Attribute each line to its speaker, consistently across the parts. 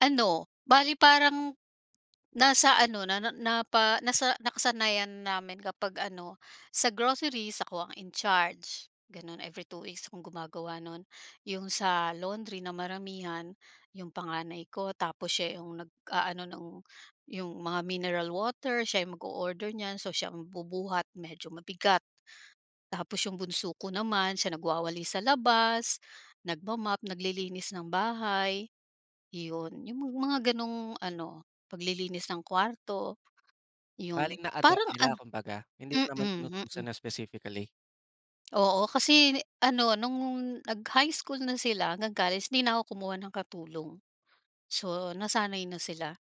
Speaker 1: Ano, bale parang nasa ano na na na pa nasa nakasanayan namin kapag ano, sa groceries ako ang in charge, gano'n every 2 weeks akong gumagawa nun. 'Yong sa laundry na maramihan, 'yong panganay ko tapos siya 'yong nag-aano ng 'yong mga mineral water, siya ang mag-o-order niyan so siya ang bubuhat, medyo mabigat. Tapos 'yong bunso ko naman siya nagwawalis sa labas, nagma-mop, naglilinis ng bahay, 'yon. 'Yong mga gano'ng ano, paglilinis ng kwarto,
Speaker 2: Bale
Speaker 1: 'yon.
Speaker 2: na-adopt
Speaker 1: Parang
Speaker 2: nila,
Speaker 1: an
Speaker 2: kumbaga. Hindi mo
Speaker 1: mm,
Speaker 2: naman inutusan
Speaker 1: mm.
Speaker 2: na specifically?
Speaker 1: Oo. Kasi ano, no'ng nag-high school na sila hanggang college, di na ako kumuha ng katulong. So, nasanay na sila.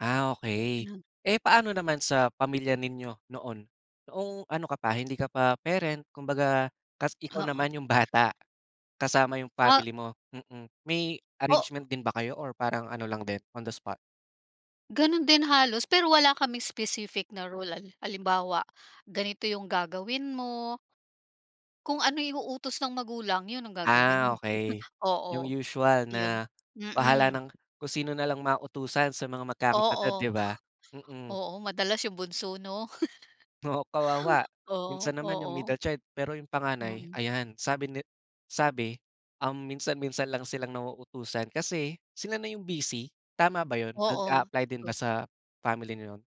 Speaker 2: Ah, okey.
Speaker 1: Ganon.
Speaker 2: Eh, paano naman sa pamilya ninyo noon? Noong ano ka pa, hindi ka pa parent, kumbaga tapos ikaw
Speaker 1: Oo.
Speaker 2: naman yung bata, kasama 'yong
Speaker 1: Ah
Speaker 2: family mo mm. May
Speaker 1: O
Speaker 2: arrangement din ba kayo or parang ano lang din, on the spot?
Speaker 1: Ganun din halos, pero wala kaming specific na rule. Halimbawa, ganito 'yong gagawin mo, kung ano 'yong utos ng magulang 'yon ang
Speaker 2: Ah,
Speaker 1: gagawin
Speaker 2: okey. 'Yong
Speaker 1: oo,
Speaker 2: usual
Speaker 1: 'yon.
Speaker 2: na bahala
Speaker 1: Mm.
Speaker 2: ng kung sino nalang mautusan sa mga magkakapatid
Speaker 1: Oo.
Speaker 2: di ba? Mm.
Speaker 1: Oo, madalas yung bunso 'no?
Speaker 2: Oo, kawawa.
Speaker 1: Oo,
Speaker 2: Minsan naman 'yong
Speaker 1: oo.
Speaker 2: middle child, pero 'yong panganay
Speaker 1: Mm.
Speaker 2: ayan, sabi ni sabi, um, minsan-minsan lang silang nauutusan kasi sila na 'yong busy, tama ba yun?
Speaker 1: Oo,
Speaker 2: Nag-apply din
Speaker 1: tot
Speaker 2: ba sa family niyo 'yon?